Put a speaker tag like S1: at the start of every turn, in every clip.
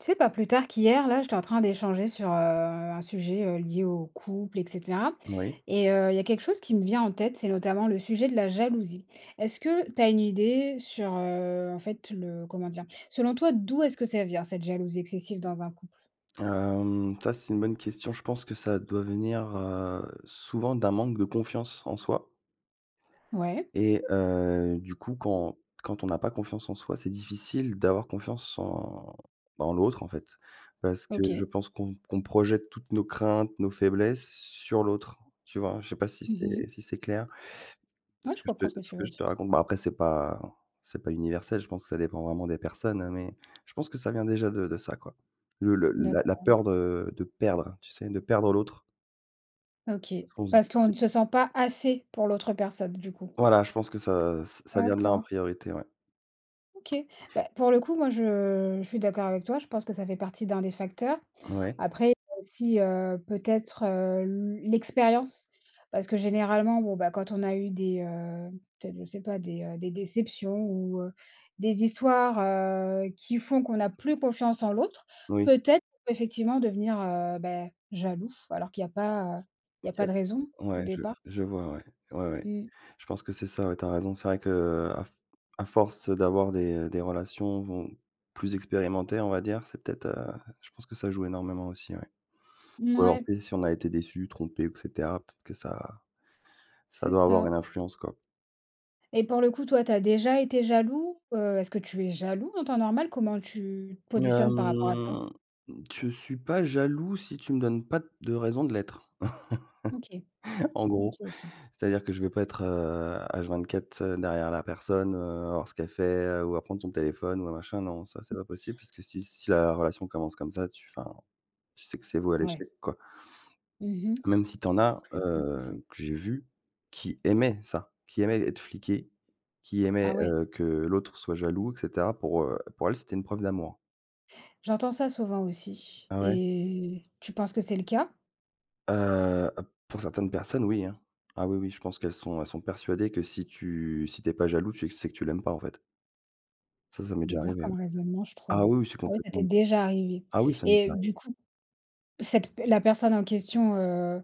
S1: Tu sais pas plus tard qu'hier là, j'étais en train d'échanger sur heu, un sujet, heu, lié au couple et cetera
S2: Moui.
S1: et heu, il y a quelque chose qui me vient en tête, c'est notamment le sujet de la jalousie. Est-ce que tu as une idée sur heu, en fait, le comment dire? Selon toi, d'où est-ce que ça vient cette jalousie excessive dans un couple?
S2: Hem, ça, c'est une bonne question, je pense que ça doit venir, heu, souvent d'un manque de confiance en soi.
S1: Ouais.
S2: Et heu, du coup, quand quand on n'a pas confiance en soi, c'est difficile d'avoir confiance en en l'autre, en fait. Parce que je
S1: OK.
S2: pense qu'on qu'on projette toutes nos craintes, nos faiblesses sur l'autre. Tu vois? Je sais pas si
S1: Mmh
S2: c'est
S1: mh.
S2: si c'est clair
S1: Ouais,
S2: ce
S1: je
S2: que je
S1: comprends
S2: te
S1: ce que
S2: ce
S1: tu
S2: que
S1: veux
S2: je te
S1: dire.
S2: raconte, bah, après, c'est pas c'est pas universel, je pense que ça dépend vraiment des personnes, hein, mais je pense que ça vient déjà de de ça, quoi. Le le la la
S1: D'accord.
S2: peur de de perdre, tu sais? De perdre l'autre.
S1: OK.
S2: Parce qu'on se dit:
S1: Parce qu'on
S2: «Peut être»
S1: ne se sent pas assez pour l'autre personne, du coup.
S2: Voilà, je pense que ça, ça vient de là en
S1: D'accord.
S2: priorité, ouais.
S1: OK. Bah, pour le coup, moi, je je suis d'accord avec toi. Je pense que ça fait partie d'1 des facteurs.
S2: Ouais.
S1: Après, si heu, peut-être heu, l l'expérience parce que généralement, bon bah, quand on a eu des heu, peut-être je sais pas des des déceptions ou heu, des histoires, heu, qui font qu'on n'a plus confiance en l'autre,
S2: Oui.
S1: peut-être effectivement devenir, heu, ben, jaloux, alors qu'il y a pas il y a
S2: OK.
S1: pas de raison au
S2: Ouais, je
S1: départ.
S2: je vois, ouais, ouais, ouais.
S1: Mmh.
S2: Je pense que c'est ça, ouais, tu as raison, c'est vrai qu'à f à force d'avoir des, heu, des relations plus expérimentées, on va dire, c'est peut-être, heu, je pense que ça joue énormément aussi, ouais. Ou alors,
S1: Mouais.
S2: tu sais, si on a été déçu, trompé ou et cetera peut-être que ça ça
S1: C'est
S2: doit avoir
S1: ça.
S2: une influence, quoi.
S1: Et pour le coup, toi, tu as déjà été jaloux? Heu, est-ce que tu es jaloux en temps normal? Comment tu te positionnes par rapport à ça?
S2: Hem, je suis pas jaloux si tu me donnes pas de raison de l'être.
S1: OK,
S2: En
S1: OK
S2: gros,
S1: OK.
S2: c'est-à-dire que je vais pas être, heu, H 24, heu, derrière la personne, heu, voir ce qu'elle fait ou à prendre son téléphone ou à machin non, ça c'est pas possible parce que si si la relation commence comme ça, tu enfin, tu sais que c'est voué à
S1: Ouais.
S2: l'échec quoi
S1: Mmh mh,
S2: même si tu en as,
S1: c'est pas un souci.
S2: heu, que j'ai vu qui aimait ça, qui aimait être fliqué, qui aimait,
S1: Ah ouais.
S2: heu, que l'autre soit jaloux et cetera pour, heu, pour elle, c'était une preuve d'amour.
S1: J'entends ça souvent aussi,
S2: Ah ouais?
S1: et tu penses que c'est le cas?
S2: Heu, p pour certaines personnes oui, hein. Ah oui oui, je pense qu'elles sont elles sont persuadées que si tu si tu es pas jaloux, tu sais que tu l'aimes pas en fait. Ça, ça m'est déjà
S1: Bizarre
S2: arrivé ouais.
S1: comme raisonnement, je trouve.
S2: Ah oui oui, c'est
S1: Ouais, ça t'est
S2: complètement
S1: déjà arrivé,
S2: ah oui, ça m'est
S1: et
S2: déjà arrivé.
S1: du coup, cette per la personne en question, heu,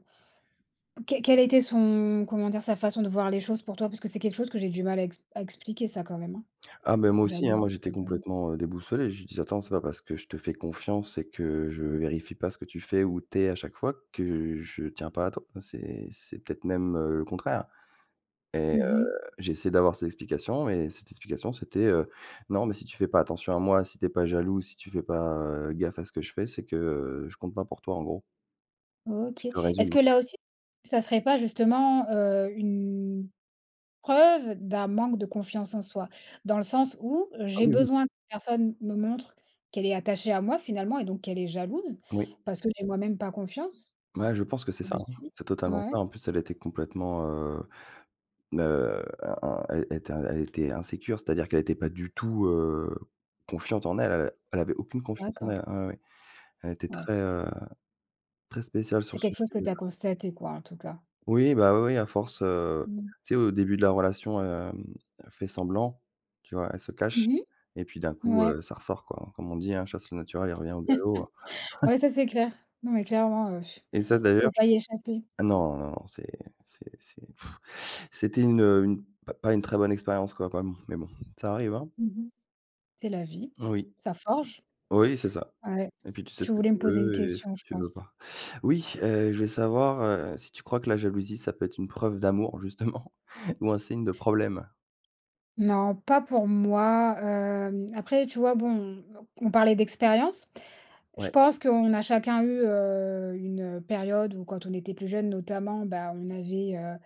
S1: qué quelle a été son comment dire? Sa façon de voir les choses pour toi? Parce que c'est quelque chose que j'ai du mal à exp à expliquer ça quand même hein.
S2: Ah bah moi aussi hein,
S1: Jalouser
S2: moi j'étais
S1: les hommes
S2: complètement, heu, déboussolé, je dis «Attends, c'est pas parce que je te fais confiance et que je vérifie pas ce que tu fais, où tu es à chaque fois que je tiens pas à toi, c'est c'est peut-être même le contraire». Et
S1: Mmh mh.
S2: heu, j'ai essayé d'avoir ces explications et cette explication, c'était, heu,: «Non mais si tu fais pas attention à moi, si tu es pas jaloux, si tu fais pas, heu, gaffe à ce que je fais, c'est que, heu, je compte pas pour toi en gros». Je
S1: OK.
S2: te
S1: Est-ce
S2: résume hein!
S1: que là aussi, ça serait pas justement, heu, une preuve d'un manque de confiance en soi? Dans le sens où,
S2: Ah,
S1: j'ai
S2: oui, oui!
S1: besoin que personne me montre qu'elle est attachée à moi finalement, et donc qu'elle est jalouse,
S2: Oui.
S1: parce que j'ai moi-même pas confiance?
S2: Ouais, je pense que c'est
S1: Tu
S2: ça,
S1: me
S2: hein.
S1: suis?
S2: C'est totalement ça.
S1: Ouais.
S2: En plus, elle était complètement, heu, heu, heu, in in elle était elle était insécure, c'est-à-dire qu'elle était pas du tout, heu, confiante en elle. Elle a elle avait aucune confiance en
S1: D'accord.
S2: elle, ah ouais, ouais. Elle était
S1: Ouais.
S2: très, heu, très spéciale sur
S1: C'est
S2: ce
S1: quelque chose que
S2: sujet ouais.
S1: tu as constaté, quoi, en tout cas.
S2: Oui, bah, oui, oui, à force, heu.
S1: Mmh mh.
S2: Tu sais, au début de la relation, hem, elle fait semblant, tu vois? Elle se cache
S1: Mmh mh?
S2: et puis d'un coup,
S1: Mouais.
S2: heu, ça ressort, quoi. Comme on dit, hein, chasse le naturel, il revient au galop, heu.
S1: Ouais, ça c'est clair! Non, mais clairement, heu,
S2: Et ça,
S1: on
S2: d'ailleurs,
S1: peut
S2: je
S1: pas
S2: peux
S1: y échapper.
S2: ah, non, non, non, c'est c'est c'est c'était une, heu, une p pas une très bonne expérience, quoi, mais bon. Ça arrive hein!
S1: Mmh mh. C'est la vie,
S2: Mmh oui.
S1: ça forge!
S2: Oui, c'est ça.
S1: Ouais.
S2: Et puis, tu sais
S1: Tu
S2: ce que
S1: voulais me
S2: tu
S1: poser une
S2: veux et ce
S1: question,
S2: que
S1: je
S2: tu veux
S1: pense.
S2: pas. Oui! Heu, je vais savoir, heu, si tu crois que la jalousie, ça peut être une preuve d'amour justement? Ou un signe de problème?
S1: Non, pas pour moi, hem, après, tu vois, bon, on on parlait d'expérience. Je
S2: Ouais.
S1: pense qu'on a chacun eu, heu, une, heu, période où quand on était plus jeune notamment, bah, on avait, heu,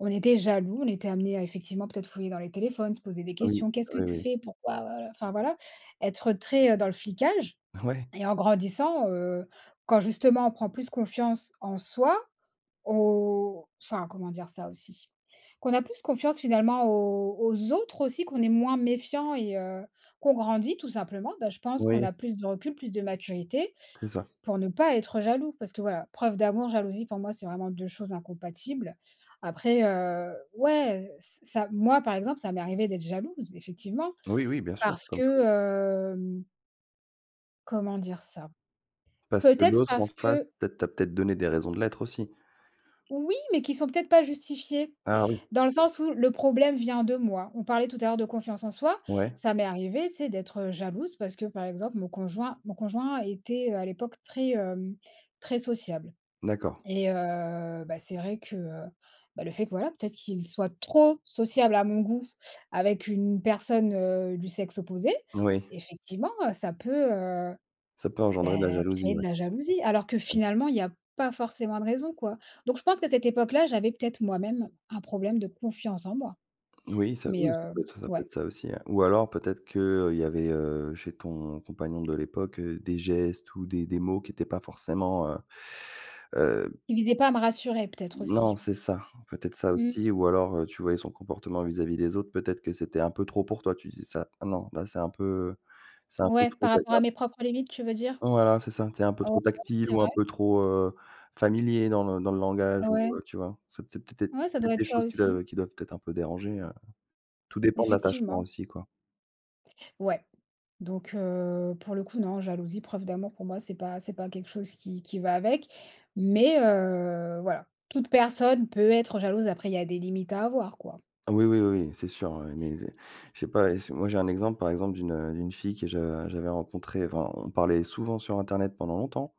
S1: on était jaloux, on était amenés à, effectivement peut-être, fouiller dans les téléphones, se poser des
S2: Oui.
S1: questions, «Qu'est-ce que
S2: Oui,
S1: tu
S2: oui.
S1: fais? Pourquoi, voilà» enfin voilà, être très dans le flicage
S2: Ah ouais?
S1: et en grandissant, heu, quand justement, on prend plus confiance en soi, au enfin, comment dire ça aussi? Qu'on a plus confiance finalement aux aux autres aussi, qu'on est moins méfiant et heu, qu'on grandit tout simplement. Bah, je pense qu'on
S2: Oui.
S1: a plus de recul, plus de maturité,
S2: C'est ça.
S1: pour ne pas être jaloux. Parce que voilà, preuve d'amour, jalousie, pour moi, c'est vraiment 2 choses incompatibles. Après heu, ouais ç ça, moi, par exemple, ça m'est arrivé d'être jalouse effectivement.
S2: Oui, oui, bien sûr.
S1: Parce
S2: Comme
S1: que
S2: toujours.
S1: hem Comment dire ça?
S2: Parce que
S1: Peut-être
S2: l'autre en
S1: parce
S2: face,
S1: que
S2: peut-être tu as peut-être donné des raisons de l'être aussi.
S1: Oui, mais qui sont peut-être pas justifiés.
S2: Ah oui.
S1: Dans le sens où, le problème vient de moi. On parlait tout à l'heure de confiance en soi.
S2: Ouais.
S1: Ça m'est arrivée, tu sais, d'être jalouse, parce que, par exemple, mon conjoint mon conjoint était, heu, à l'époque très hem, très sociable
S2: D'accord.
S1: et heu, bah c'est vrai que heu, bah, le fait que voilà, peut-être qu'il soit trop sociable à mon goût avec une personne, heu, du sexe opposé.
S2: Oui.
S1: Effectivement, heu, ça peut, heu,
S2: Ça peut
S1: bah,
S2: engendrer de la jalousie,
S1: créer de
S2: ouais.
S1: la jalousie. Alors que
S2: Ouais.
S1: finalement, il y a pas forcément de raison, quoi. Donc, je pense qu'à cette époque-là, j'avais peut-être moi-même un problème de confiance en moi.
S2: Oui, ça
S1: Mais
S2: oui, c'est
S1: heu,
S2: possi ça peut
S1: ouais.
S2: être ça aussi, hein. Ou alors peut-être qu'il y avait, heu, chez ton compagnon de l'époque, heu, des gestes ou des des mots qui étaient pas forcément heu heu
S1: Qui visait pas à me rassurer, peut-être
S2: Non,
S1: aussi.
S2: c'est ça. Peut-être ça
S1: Mmh.
S2: aussi ou alors heu, tu voyais son comportement vis-à-vis des autres, peut-être que c'était un peu trop pour toi, tu disais ça: «Ah non, là, c'est un peu c'est un peu
S1: Ouais,
S2: trop».
S1: par rapport à
S2: [unintelligible]
S1: mes propres limites, tu veux dire?
S2: Voilà, c'est ça. Tu es un peu
S1: Heu, ouais,
S2: trop
S1: ouais,
S2: tactile
S1: c'est
S2: ou un
S1: vrai.
S2: peu trop heu, familier dans le dans le langage ou
S1: Ouais.
S2: heu, tu vois? C'est peut être peut
S1: Ouais, ça doit
S2: être
S1: être
S2: des
S1: ça,
S2: choses qui
S1: aussi.
S2: qui doivent être un peu déranger, heu, tout dépend de l'attachement
S1: Effectivement.
S2: aussi, quoi.
S1: Ouais, donc heu, pour le coup, non. Jalousie, preuve d'amour pour moi, c'est pas c'est pas quelque chose qui qui va avec, mais heu, voilà, toute personne peut être jalouse, après, il y a des limites à avoir, quoi.
S2: Ah oui, oui, oui, oui, c'est sûr, heu, mais je sais pas et si moi, j'ai un exemple, par exemple, d'une heu, d'une fille que je j'avais rencontré, enfin, on parlait souvent sur internet pendant longtemps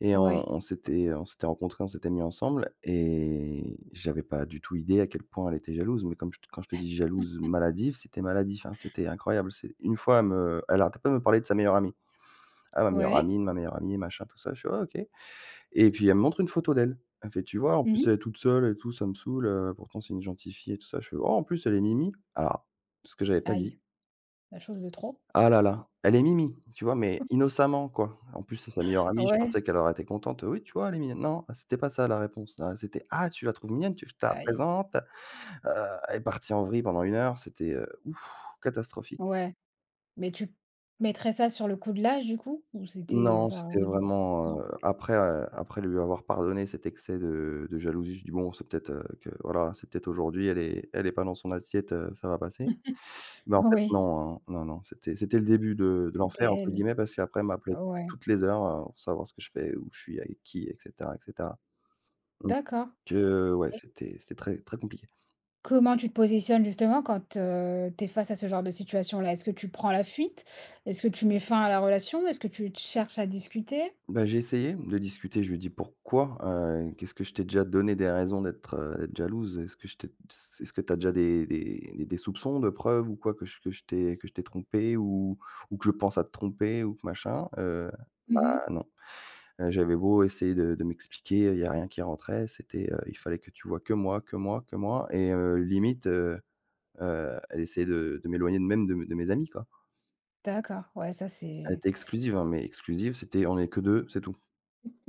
S2: et on
S1: Ouais.
S2: on s'était on s'était rencontré, on s'était mis ensemble et j'avais pas du tout idée à quel point elle était jalouse, mais comme je te quand je te dis: «Jalouse, maladive,» c'était maladif, hein, c'était incroyable. C'est, 1 fois, elle me heu, elle arrêtait pas de me parler de sa meilleure amie, ah ma meilleure
S1: Ouais.
S2: amie, ma meilleure amie et machin tout ça, je fais: «Ouais, OK». Et puis, elle me montre une photo d'elle. Elle me fait: «Tu vois? En
S1: Mmh
S2: plus,
S1: mh.
S2: elle est toute seule et tout, ça me saoule, heu, pourtant, c'est une gentille fille et tout ça», je fais: «En plus, elle est mimi». Alors, ce que j'avais pas
S1: Aïe!
S2: dit!
S1: La chose de trop.
S2: Ah là là, elle est mimi, tu vois? Mais innocemment, quoi. En plus, c'est sa meilleure amie, je
S1: Ouais.
S2: pensais qu'elle aurait été contente. «Oui, tu vois? Elle est mignonne». Non, c'était pas ça la réponse, ah c'était: «Ah tu la trouves mignonne, tu veux que je te la
S1: Aïe!
S2: présente, heu», elle est partie en vrille pendant 1 heure, c'était, heu, ouf, catastrophique.
S1: Ouais, mais tu mettrais ça sur le coup de l'âge, du coup? Ou c'était, heu,
S2: Non,
S1: ça a
S2: c'était
S1: rien à voir,
S2: vraiment,
S1: non?
S2: heu, après, heu, après lui avoir pardonné cet excès de, heu, de jalousie, je dis: «Bon, c'est peut-être, heu, que voilà, c'est peut-être aujourd'hui, elle est elle est pas dans son assiette, heu, ça va passer». Mais en fait,
S1: Oui.
S2: non, hein, non, non, c'était c'était le début de de
S1: C'était
S2: «l'enfer» entre
S1: elle.
S2: guillemets, parce qu'après, elle m'appelait
S1: Ouais.
S2: toutes les heures, heu, pour savoir ce que je fais, où je suis, avec qui, et cetera, et cetera. Donc
S1: D'accord,
S2: heu, ouais,
S1: et
S2: c'était c'était très, très compliqué.
S1: Comment tu te positionnes justement quand, heu, tu es face à ce genre de situation-là? Est-ce que tu prends la fuite? Est-ce que tu mets fin à la relation? Est-ce que tu te cherches à discuter?
S2: Bah, j'ai essayé de discuter, je lui ai dit: «Pourquoi? Heu, qu'est-ce que je t'ai déjà donné des raisons d'être, heu, d'être jalouse? Est-ce que je t'ai s est-ce que tu as déjà des des des soupçons, de preuves ou quoi, que je que je t'ai que je t'ai trompée ou ou que je pense à te tromper ou que machin?» heu,
S1: Mmh
S2: bah
S1: mh.
S2: non, heu j'avais beau essayer de de m'expliquer, il y avait rien qui rentrait. C'était, heu il fallait que tu vois que moi que moi que moi et heu, limite, heu, heu, elle essayait de de m'éloigner de même de de mes amis, quoi.
S1: D'accord. Ouais, ça
S2: Elle
S1: c'est
S2: était exclusive, hein. Mais, exclusive, c'était, on est que deux, c'est tout.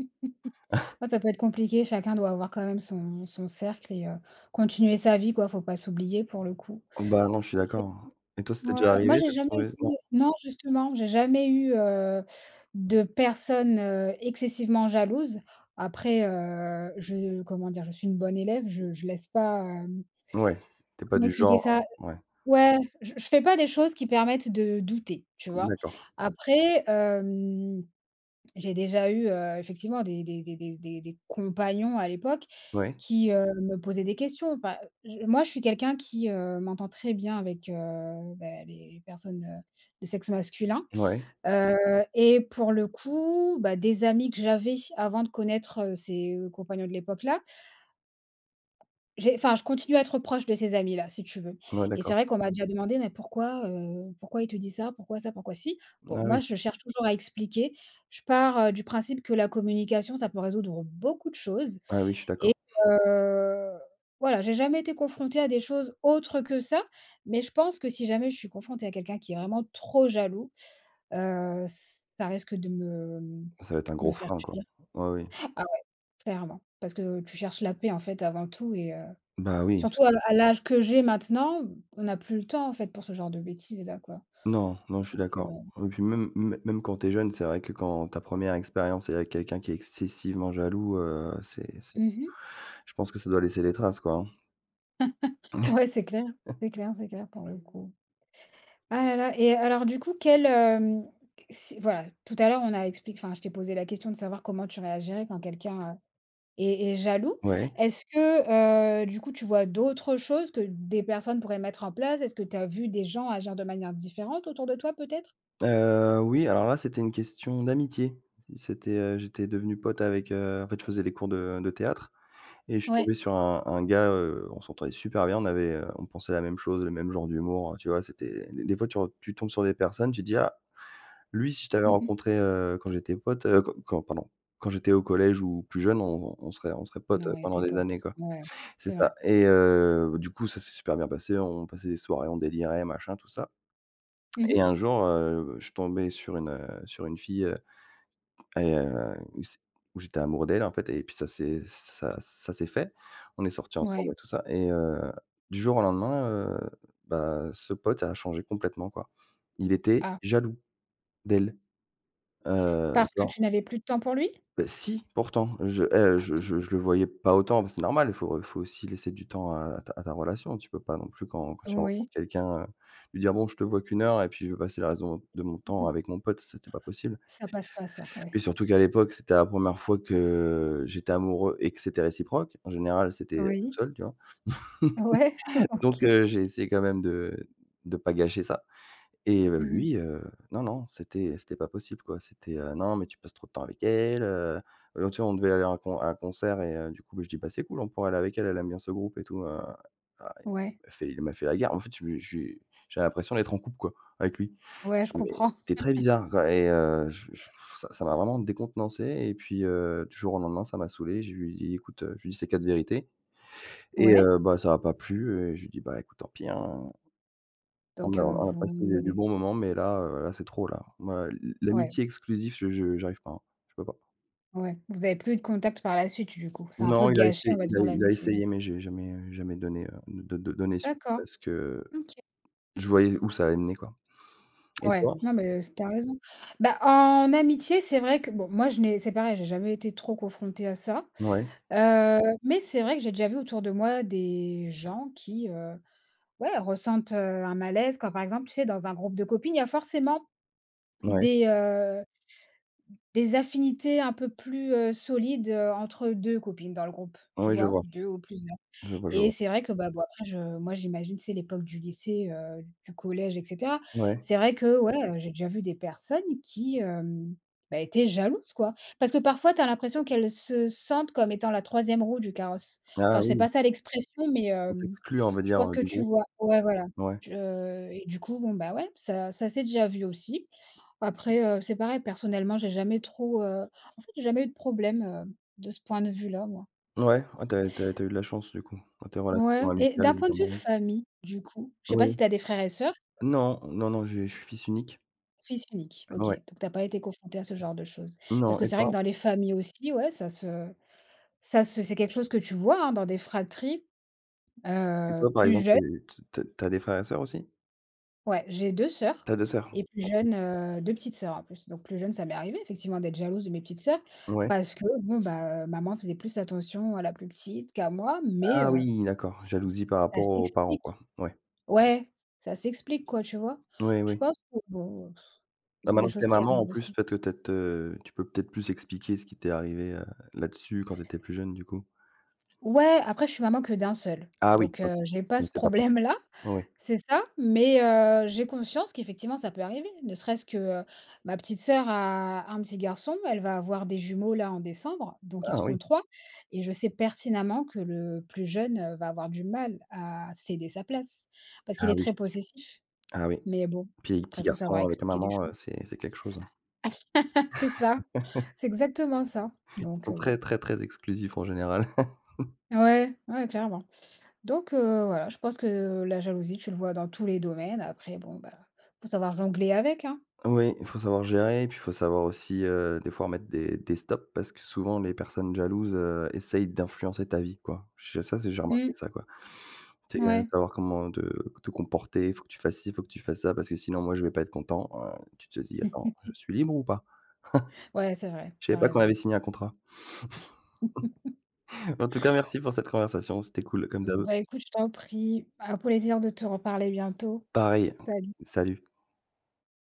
S1: Ouais, ça peut être compliqué. Chacun doit avoir, quand même, son son cercle et heu, continuer sa vie, quoi. Faut pas s'oublier pour le coup.
S2: Oh, bah non, je suis d'accord. Et toi, ça
S1: OK.
S2: t'est
S1: Ouais.
S2: déjà arrivé
S1: Moi,
S2: de te
S1: j'ai jamais
S2: retrouvée en
S1: été non, justement, j'ai jamais eu, heu, de personne, heu, excessivement jalouse. Après, heu, je comment dire? Je suis une bonne élève, je je laisse pas, hem,
S2: Ouais, tu es pas
S1: comment
S2: du
S1: expliquer
S2: genre,
S1: ça?
S2: heu ouais.
S1: Ouais, je je fais pas des choses qui permettent de douter, tu vois?
S2: D'accord.
S1: Après, hem, j'ai déjà eu, heu, effectivement des des des des des des compagnons à l'époque,
S2: Ouais.
S1: qui, heu, me posaient des questions. Pas je moi, je suis quelqu'un qui, heu, m'entend très bien avec, heu, bah, les personnes, heu, de sexe masculin,
S2: Ouais.
S1: heu et pour le coup, bah, des amis que j'avais avant de connaître, heu, ses compagnons de l'époque là j'ai enfin, je continue à être proche de ces amis-là, si tu veux.
S2: Ouais
S1: Et c'est
S2: d'accord.
S1: vrai qu'on m'a déjà demandé, mais pourquoi, heu, pourquoi il te dit ça? Pourquoi ça? pourquoi si? Bon,
S2: Bah
S1: moi,
S2: oui.
S1: je cherche toujours à expliquer. Je pars, heu, du principe que la communication, ça peut résoudre beaucoup de choses
S2: Ah oui, je suis
S1: et
S2: d'accord.
S1: heu, voilà, j'ai jamais été confrontée à des choses autres que ça. Mais, je pense que, si jamais je suis confrontée à quelqu'un qui est vraiment trop jaloux, heu, ça risque de me
S2: Ça va être un
S1: me
S2: gros
S1: faire
S2: frein, quoi.
S1: fuir.
S2: Ouais. Oui.
S1: Ah ouais, clairement. Parce que tu cherches la paix, en fait, avant tout et heu,
S2: Bah oui.
S1: surtout à la à l'âge que j'ai maintenant, on n'a plus le temps, en fait, pour ce genre de bêtises là, quoi.
S2: Non. Non, je suis
S1: Donc, heu
S2: d'accord. Et puis, même m même quand tu es jeune, c'est vrai, que quand ta première expérience est avec quelqu'un qui est excessivement jaloux, heu, c'est c'est
S1: Mmh mh.
S2: je pense que ça doit laisser les traces, quoi, hein.
S1: Ouais, c'est clair. C'est clair, c'est clair, pour le coup. Ah là là. Et, alors, du coup, quel, hem s voilà, tout à l'heure on a expliqué enfin, je t'ai posé la question de savoir comment tu réagirais quand quelqu'un, heu, est est jaloux.
S2: Ouais.
S1: Est-ce que, heu, du coup, tu vois d'autres choses que des personnes pourraient mettre en place? Est-ce que tu as vu des gens agir de manière différente, autour de toi, peut-être?
S2: Heu, oui. Alors là, c'était une question d'amitié. C c'était, heu, j'étais devenu pote avec, heu En fait, je faisais les cours de de théâtre et je suis
S1: Ouais.
S2: tombé sur un un gars, heu, on s'entendait super bien, on avait, heu, on pensait la même chose, le même genre d'humour, heu, tu vois? C'était des des fois, tu re tu tombes sur des personnes, tu te dis: «Ah, lui si je t'avais
S1: Mmh mh.
S2: rencontré, heu, quand j'étais pote, heu, qu quand, pardon, quand j'étais au collège ou plus jeune, on on serait, on serait pote
S1: Non, ouais,
S2: pendant
S1: tes
S2: des
S1: potes.
S2: années quoi».
S1: Mouais.
S2: C'est
S1: C'est
S2: ça.
S1: vrai.
S2: Et, heu, du coup, ça c'est super bien passé, on passait des soirées, on délirait, machin, tout ça.
S1: Mmh
S2: Et
S1: mh.
S2: un jour, heu, je tombais sur une, heu, sur une fille, heu et heu, où c où j'étais amoureux d'elle, en fait, et puis ça c'est ça ça c'est fait. On est sorti ensemble et
S1: Mouais.
S2: tout ça et, heu, du jour au lendemain, heu, bah, ce pote a changé complètement, quoi. Il était
S1: Ah.
S2: jaloux d'elle, heu
S1: Parce que
S2: genre
S1: tu n'avais plus de temps pour lui?
S2: Bah si, pourtant! Je, heu, je je je le voyais pas autant, mais c'est normal, il faut il faut aussi laisser du temps à à ta à ta relation, un peu. Tu peux pas, non plus, quand quand tu
S1: Heu, oui.
S2: rencontres quelqu'un, heu, lui dire, bon, je te vois qu'une heure et puis je vais passer le reste de mon de mon
S1: Mmh
S2: temps
S1: mh.
S2: avec mon pote, c'était pas possible.
S1: Ça passe pas ça, ouais.
S2: Puis surtout qu'à l'époque, c'était la première fois que, heu, j'étais amoureux et que c'était réciproque. En général c'était tout
S1: Oui.
S2: seul, tu vois?
S1: Ouais.
S2: Donc,
S1: OK.
S2: heu, j'ai essayé quand même de de pas gâcher ça et heu,
S1: Mmh mh.
S2: lui, heu, non, non, c'était c'était pas possible, quoi. C'était, heu, non, mais tu passes trop de temps avec elle, heu, heu, tu vois? On devait aller à un con à un concert et heu, du coup, bah je dis, bah, c'est cool, on pourrait aller avec elle, elle aime bien ce groupe et tout, heu, heu, il
S1: Ouais.
S2: m'a fait il m'a fait la guerre. En fait, je lui ai j'ai j'avais l'impression d'être en couple, quoi, avec lui.
S1: Ouais, je
S2: Mais
S1: comprends.
S2: c'était très bizarre, quoi et heu, je je ça ça m'a vraiment décontenancé et puis heu, du jour au lendemain, ça m'a saoulé, je lui ai dit: «Écoute, heu» je lui ai dit ses quatre vérités et
S1: Ouais.
S2: heu, bah, ça a pas plu et je lui ai dit: «Bah écoute, tant pis hein». On
S1: Donc,
S2: a
S1: heu,
S2: on a on a
S1: vous
S2: passé des des
S1: n'avez
S2: bons moments mais là, heu, là c'est trop là. Moi, l l
S1: Ouais.
S2: l'amitié exclusive, je je j'arrive pas, hein. Je peux pas.
S1: Ouais. Vous avez plus eu de contact par la suite, du coup? Ça a un peu
S2: Non, il a
S1: gâché, on
S2: essayé
S1: va
S2: il a
S1: dire
S2: il a
S1: l'amitié, ouais.
S2: essayé, mais j'ai jamais, heu, jamais donné, heu, d d donné suite
S1: D'accord,
S2: parce que, heu,
S1: mmh OK.
S2: je voyais où ça allait mener quoi. Et
S1: Ouais.
S2: toi?
S1: Non mais s tu as raison. Bah, en amitié, c'est vrai que, bon, moi, je n'ai c'est pareil, j'ai jamais été trop confrontée à ça,
S2: Ouais.
S1: heu, mais c'est vrai que j'ai déjà vu autour de moi des gens qui, heu, ouais, ressentent, heu, un malaise, comme par exemple, tu sais, dans un groupe de copines, il y a forcément
S2: Ouais.
S1: des, heu des affinités un peu plus, heu, solides, heu, entre deux copines, dans le groupe,
S2: Oui,
S1: tu
S2: oui, je
S1: vois?
S2: vois.
S1: Deux ou plusieurs.
S2: Je vois, je
S1: Et
S2: vois.
S1: c'est vrai que, bah, bon, après je moi, j'imagine, tu sais, l'époque du lycée, heu, du collège, et cetera.
S2: Ouais.
S1: C'est vrai que, ouais, heu, j'ai déjà vu des personnes qui, hem, bah, étaient jalouses, quoi. Parce que, parfois, tu as l'impression qu'elles se sentent comme étant la troisième roue du carrosse.
S2: Ah
S1: Enfin, c'est pas
S2: oui.
S1: ça l'expression, mais,
S2: On
S1: hem,
S2: t'exclut, on va
S1: je
S2: dire,
S1: pense
S2: heu,
S1: que
S2: du
S1: tu
S2: groupe.
S1: vois. Ouais, voilà.
S2: Ouais.
S1: Tu, heu et, du coup, bon, bah, ouais, ça ça s'est déjà vu aussi. Après, heu, c'est pareil, personnellement, j'ai jamais trop, heu, en fait, j'ai jamais eu de problème, hem, de ce point de vue-là, moi.
S2: Ouais, oh, tu as tu as tu as eu de la chance, du coup, dans tes relations
S1: Ouais. Et
S2: amicales
S1: d'un
S2: ou
S1: point de vue
S2: amoureuses.
S1: famille, du coup, je sais pas si
S2: Oui.
S1: tu as des frères et soeurs?
S2: Non, non, non, je je suis fils unique.
S1: Fils unique, OK,
S2: Ouais.
S1: donc tu as pas été confronté à ce genre de chose. Parce
S2: Non,
S1: que
S2: et
S1: c'est vrai que
S2: toi?
S1: dans les familles aussi, ouais, ça se ça se c'est quelque chose que tu vois, hein, dans des fratries,
S2: Et
S1: heu,
S2: toi, par
S1: plus
S2: exemple,
S1: jeunes.
S2: é t t tu as des frères et sœurs aussi?
S1: Ouais, j'ai 2 sœurs
S2: Tu as 2 soeurs.
S1: et plus jeune, heu 2 petites sœurs en plus. Donc, plus jeune, ça m'est arrivé effectivement d'être jalouse de mes petites sœurs
S2: Ouais.
S1: parce que bon, bah heu, maman faisait plus attention à la plus petite qu'à moi, mais
S2: Ah
S1: heu
S2: oui, d'accord. Jalousie, par
S1: ça
S2: rapport aux parents,
S1: s'explique.
S2: quoi, ouais.
S1: Ouais, ça s'explique, quoi, tu vois?
S2: Oui
S1: Je
S2: oui.
S1: pense que, bon, heu, pff, ce
S2: Bah,
S1: sont des
S2: maintenant que tu
S1: choses
S2: es
S1: qui
S2: maman, en
S1: arrivent
S2: plus,
S1: aussi.
S2: peut-êt te te tu peux peut-être plus expliquer ce qui t'es arrivé, heu, là-dessus, quand t'étais plus jeune, du coup.
S1: Ouais, après, je suis maman que d'un seul,
S2: Ah oui,
S1: donc
S2: OK,
S1: heu, j'ai pas ce
S2: c'est pas pareil,
S1: problème-là.
S2: oui, oui.
S1: C'est ça, mais heu, j'ai conscience qu'effectivement ça peut arriver, ne serait-ce que, heu, ma petite sœur a un petit garçon, elle va avoir des jumeaux là en décembre, donc ils
S2: Ah oui.
S1: seront 3. Et je sais pertinemment que le plus jeune va avoir du mal à céder sa place. Parce qu'il
S2: Ah
S1: est
S2: oui,
S1: très
S2: c'est sûr.
S1: possessif,
S2: Ah oui.
S1: mais bon,
S2: Puis, petit
S1: après, il faut savoir
S2: garçon, avec la
S1: expliquer les
S2: maman, heu,
S1: choses
S2: c'est c'est quelque chose, hein.
S1: c'est ça, c'est exactement ça,
S2: Ils
S1: donc
S2: sont
S1: heu, bon.
S2: très, très, très exclusifs, en général.
S1: Ouais, ouais, clairement, donc heu, voilà, je pense que la jalousie, tu le vois dans tous les domaines après bon, bah il faut savoir jongler avec, hein?
S2: Oui, il faut savoir gérer, et puis il faut savoir aussi, heu, des fois, mettre des des stops, parce que souvent, les personnes jalouses, heu, essaient d'influencer ta vie, quoi. Je ça c'est j'ai remarqué
S1: Mmh.
S2: ça, quoi. Tu sais, heu,
S1: Ouais.
S2: savoir comment te te comporter, il faut que tu fasses ci, il faut que tu fasses ça, parce que sinon, moi, je vais pas être content, heu, tu te dis: «Attends, je suis libre ou pas?»
S1: Ouais, c'est vrai,
S2: je
S1: tu
S2: savais
S1: as
S2: pas qu'on
S1: raison.
S2: avait signé un contrat. En tout cas, merci pour cette conversation, c'était cool, comme d' habitude.
S1: Bah écoute, je t'en prie. Á un plaisir de te reparler bientôt.
S2: Pareil,
S1: Salut.
S2: salut.